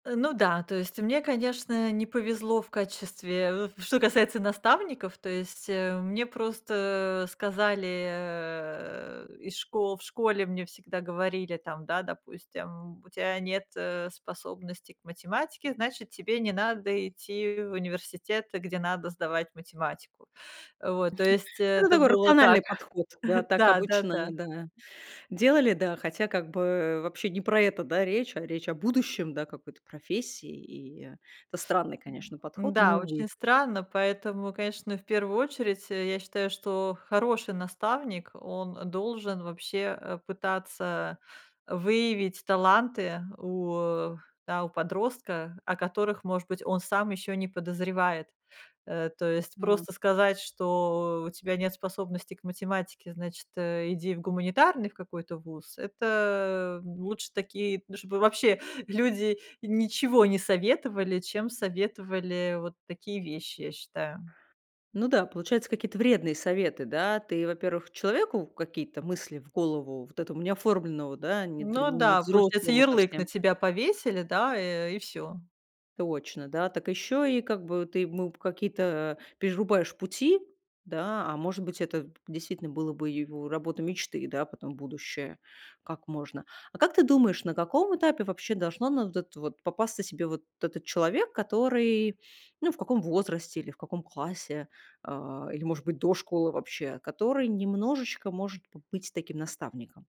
Э, ну да, то есть мне, конечно, не повезло в качестве, э, что касается наставников, то есть, э, мне просто, э, сказали, э, из шко В школе мне всегда говорили там, да, допустим: "У тебя нет, э, способности к математике, значит, тебе не надо идти в университет, где надо сдавать математику". Вот, то есть Ну, это это такой было так. рациональный подход, да, так Да, да, обычно, да. ну да, делали, да, хотя как бы вообще не про это, да, речь, а речь о будущем, да, какой-то профессии, и это странный, конечно, М, подход, но да, увы. очень странно, поэтому, конечно, в первую очередь, э, я считаю, что хороший наставник, он должен вообще, э, пытаться выявить таланты у да, у подростка, о которых, может быть, он сам еще не подозревает, э. То есть, А. просто сказать, что "у тебя нет способности к математике, значит, иди в гуманитарный в какой-то вуз"- это лучше такие, ну, чтобы вообще люди ничего не советовали, чем советовали вот такие вещи, я считаю. Ну да, получаются какие-то вредные советы, да. Ты, во-первых, человеку какие-то мысли в голову, вот этому не оформленного, да, не д Ну не да, получается взрослому ярлык совсем на тебя повесили, да, э, и всё. Точно, да. Так еще и как бы ты ему какие-то перерубаешь пути, да. А, может быть, это действительно было бы его работа мечты, да, потом будущая. Как можно? А как ты думаешь, на каком этапе вообще должно на вот это вот попасться себе вот этот человек, который ну, в каком возрасте или в каком классе, а, или, может быть, до школы вообще, который немножечко может побыть таким наставником?